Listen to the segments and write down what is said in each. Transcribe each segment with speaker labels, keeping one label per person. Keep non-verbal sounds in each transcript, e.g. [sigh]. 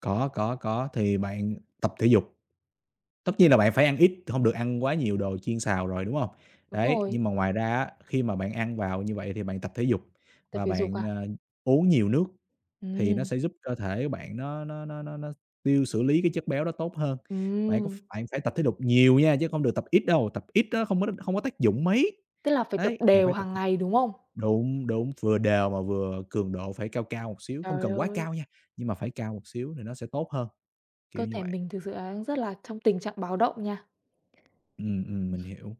Speaker 1: Có, có, có, thì bạn tập thể dục. Tất
Speaker 2: Ừm.
Speaker 1: nhiên là bạn phải ăn ít, t hông được ăn quá nhiều đồ chiên xào rồi, đúng hông?
Speaker 2: Đúng
Speaker 1: Đấy,
Speaker 2: rồi.
Speaker 1: nhưng mà ngoài ra á, khi mà bạn ăn vào như vậy thì bạn tập thể dục
Speaker 2: Tập
Speaker 1: và
Speaker 2: thể dục
Speaker 1: bạn,
Speaker 2: à?
Speaker 1: à, uống nhiều nước thì nó
Speaker 2: Ừm.
Speaker 1: sẽ giúp cơ thể bạn nó nó nó nó nó x tiêu xử lý cái chất béo đó tốt hơn. Bạn có ph
Speaker 2: Ừm.
Speaker 1: bạn phải tập thể lục nhiều nha, chứ hông được tập ít đâu, tập ít á không có đ không có tác dụng mấy.
Speaker 2: Tức là phải tập
Speaker 1: Đấy, bạn
Speaker 2: đều
Speaker 1: phải tập
Speaker 2: hàng
Speaker 1: thể
Speaker 2: ngày, đúng không?
Speaker 1: đúng, đúng, vừa đều mà vừa cường độ phải cao cao một xíu, không
Speaker 2: Trời
Speaker 1: cần quá
Speaker 2: ơi.
Speaker 1: cao nha, nhưng mà phải cao một xíu thì nó sẽ tốt hơn,
Speaker 2: Cơ
Speaker 1: kiểu như
Speaker 2: thể
Speaker 1: vậy.
Speaker 2: mình thực sự là đang rất là trong tình trạng báo động nha.
Speaker 1: Ừm, ừm
Speaker 2: Ừm.
Speaker 1: mình hiểu.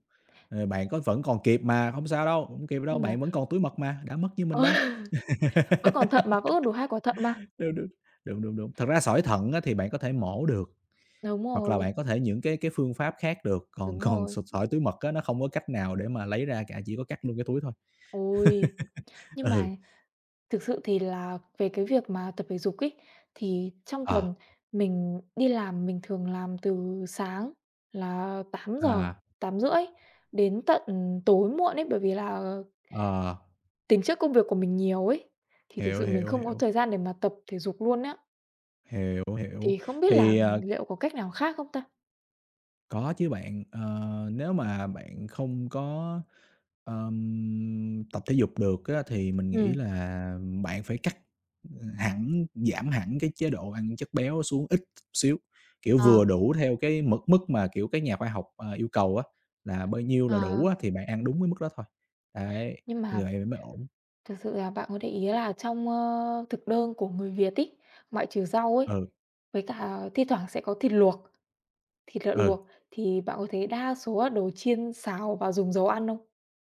Speaker 1: Ờ, bạn có vẫn còn kịp mà, hông sao đâu, hổng kịp đâu,
Speaker 2: Nhưng mà
Speaker 1: bạn vẫn còn túi mật mà, đã mất như mình
Speaker 2: Ờ,
Speaker 1: đâu.
Speaker 2: vẫn còn thận mà, vẫn có đủ 2 quả thận mà.
Speaker 1: [laughs] Đúng, đúng, đúng, đúng, đúng. Thật ra sỏi thận á thì bạn có thể mổ được,
Speaker 2: Đúng
Speaker 1: hoặc là
Speaker 2: rồi.
Speaker 1: bạn có thể những cái cái phương pháp khác được, còn
Speaker 2: Đúng
Speaker 1: còn
Speaker 2: rồi.
Speaker 1: sụt sỏi túi mật á nó không có cách nào để mà lấy ra cả, chỉ có cắt luôn cái túi thôi.
Speaker 2: Ôi,
Speaker 1: [laughs]
Speaker 2: nhưng
Speaker 1: Ừ.
Speaker 2: mà thực sự thì là về cái việc mà tập thể dục ấy thì trong
Speaker 1: Ờ.
Speaker 2: tuần mình đi làm mình thường làm từ sáng là 8:00,
Speaker 1: À.
Speaker 2: 8:30 đến tận tối muộn ấy bởi vì là
Speaker 1: Ờ.
Speaker 2: tính chất công việc của mình nhiều ấy, thì thực
Speaker 1: Hiểu,
Speaker 2: sự mình
Speaker 1: hiểu,
Speaker 2: không có
Speaker 1: hiểu.
Speaker 2: thời gian để mà tập thể dục luôn á.
Speaker 1: Hiểu, hiểu.
Speaker 2: Thì không biết là
Speaker 1: Thì à.
Speaker 2: liệu có cách nào khác không ta?
Speaker 1: Có chứ bạn, ờ, nếu mà bạn không có, ờm, tập thể dục được á thì mình nghĩ
Speaker 2: Ừm.
Speaker 1: là bạn phải cắt hẳn, giảm hẳn cái chế độ ăn chất béo xuống ít t xíu, kiểu,
Speaker 2: Ờ.
Speaker 1: vừa đủ theo cái mực mức mà, kiểu, các nhà khoa học, à, yêu cầu á là bao nhiêu là đủ
Speaker 2: Ờ.
Speaker 1: á thì bạn ăn đúng cái mức đó thôi, đấy,
Speaker 2: Nhưng
Speaker 1: như
Speaker 2: mà
Speaker 1: vậy thì mới ổn.
Speaker 2: thực sự là bạn có để ý là trong, ơ, thực đơn của người Việt ấy, ngoại trừ rau ấy,
Speaker 1: Ừ.
Speaker 2: với cả thi thoảng sẽ có thịt luộc, thịt lợn
Speaker 1: Ừ.
Speaker 2: luộc thì bạn có thấy đa số là đồ chiên xào và dùng dầu ăn không?